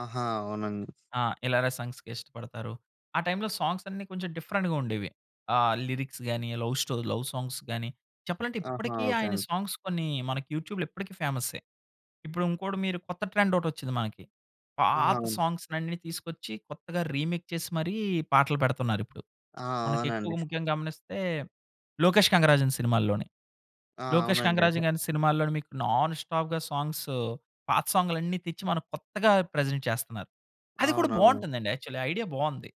ఆహా! అవునండి. ఆ! ఇలాగ సాంగ్స్‌కి ఇష్టపడతారు. ఆ టైమ్‌లో సాంగ్స్ అన్ని కొంచెం డిఫరెంట్‌గా ఉండేవి. ఆ లిరిక్స్ గాని లవ్ స్టో లవ్ సాంగ్స్ గాని చెప్పాలంటే ఆహా! ఇప్పటికీ ఓకే ఆయన అండి. సాంగ్స్ కొన్ని మనకి యూట్యూబ్‌లో ఇప్పటికి ఫేమస్సే. ఇప్పుడింకోటి మీరు కొత్త ట్రెండ్ ఒకటొచ్చింది మనకి. ఆహా! పాత సాంగ్స్ అన్ని తీసుకొచ్చి కొత్తగా రీమేక్ చేసి మరి పాటలు పెడుతున్నారిప్పుడు. ఆ! మనకి అవునండి. ఎక్కువగా ముఖ్యంగా గమనిస్తే లోకేష్ కంగరాజన్ సినిమాల్లోనే. ఆ! లోకేష్ అవునండి. కంగరాజు గారి సినిమాల్లో మీకు నాన్ స్టాప్‌గా సాంగ్స్ పాత సాంగ్స్ అన్ని తెచ్చి మనం కొత్తగా ప్రజెంట్ చేస్తున్నారు. అది కూడా అవునవును. బాగుంటుందండి యాక్చువల్లి! ఐడియా బాగుంది!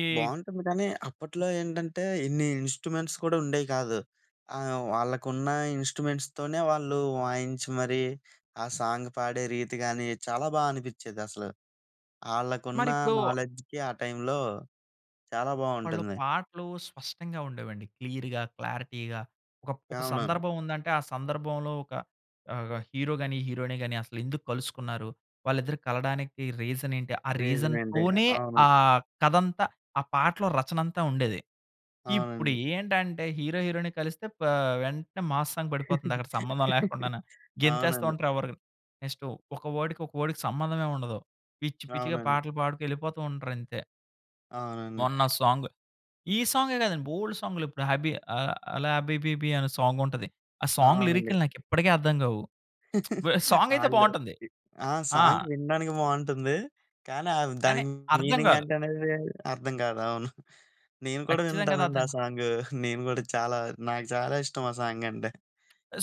ఈ బాగుంటుంది కానీ అప్పట్లో ఏంటంటే ఇన్ని ఇన్‌స్ట్రుమెంట్స్ కూడా ఉండేవి కాదు. ఆహ్, వాళ్ళకున్న ఇన్‌స్ట్రుమెంట్స్‌తోనే వాళ్ళు వాయించి మరి ఆ సాంగ్ పాడే రీతి కానీ చాలా బా అనిపించేదసలు. ఆళ్ళకున్న మరిప్పుడు నాలెడ్జ్‌కి ఆ టైంలో చాలా అప్పట్లో బాగుంటుంది! పాటలు స్పష్టంగా ఉండేవండి. క్లియర్‌గా, క్లారిటీగా ఒక ప్ ఒక అవునవును. సందర్భం ఉందంటే ఆ సందర్భంలో ఒక ఆహ్, హీరో గాని, హీరోయిన్ గాని అసలెందుకు కలుసుకున్నారు? వాళ్ళిద్దరు కలవడానికి రీజన్ ఏంటి? ఆ రీజన్ అండి. రీజన్‌తోనే అవును. ఆ కథంతా ఆ పాటలో రచనంతా ఉండేది. ఇప్పుడు అవునండి. ఏంటంటే హీరో హీరోయిన్‌ని కలిస్తే పా వెంటనే మాస్ సాంగ్ పడిపోతుందక్కడ! సంబంధం లేకుండానే! గెంతేస్తా అవునండి. ఉంటారు. ఎవరు నెక్స్ట్ ఒక వర్డ్‌కి ఒక వర్డ్‌కి సంబంధమే ఉండదు! పిచ్చి పిచ్చిగా అవునండి. పాటలు పాడుకొని ఎళ్ళిపోతూ ఉంటారు అంతే. అవునండి. మొన్న ఆ సాంగు, ఈ సాంగే కాదండి బోలెడు సాంగ్‌లు. ఇప్పుడు హబీ ఆహ్, హల హబీబీబీ అనే సాంగుంటది. ఆ సాంగ్ అవునండి. లిరిక్‌లు నాకిప్పటికీ అర్థం కావు! సాంగయితే ఆళ్ళు బాగుంటుంది. ఆ ఆ! సాంగ్ వినడానికి బాగుంటుంది. కానీ ఆహ్, కానీ దానికి అర్థం కాదు. మీనింగంటే అనేది అర్థం కాదు అవును. నేను కూడా ఖచ్చితంగా వింటానండి ఆ [unintelligible] సాంగు. నేను కూడా చాలా నాకు చాలా ఇష్టం ఆ సాంగంటే.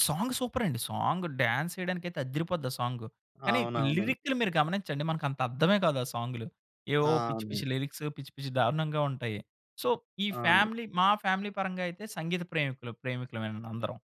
సాంగు సూపర్ అండి! సాంగ్ డాన్స్ ఏయడానికైతే అద్దిరిపోద్ది ఆ సాంగు! కానీ అవునవును. లిరిక్‌లు మీరు గమనించండి మనకంత అర్థమే కాదు ఆ సాంగులు! ఆ! ఏవో పిచ్చి అండి. పిచ్చి లిరిక్సు, పిచ్చి పిచ్చి దారుణంగా ఉంటాయి! సో, ఈ అవును. ఫ్యామిలీ మా ఫ్యామిలీ పరంగా అయితే సంగీత ప్రేమికులు ప్రేమికులమే అందరం.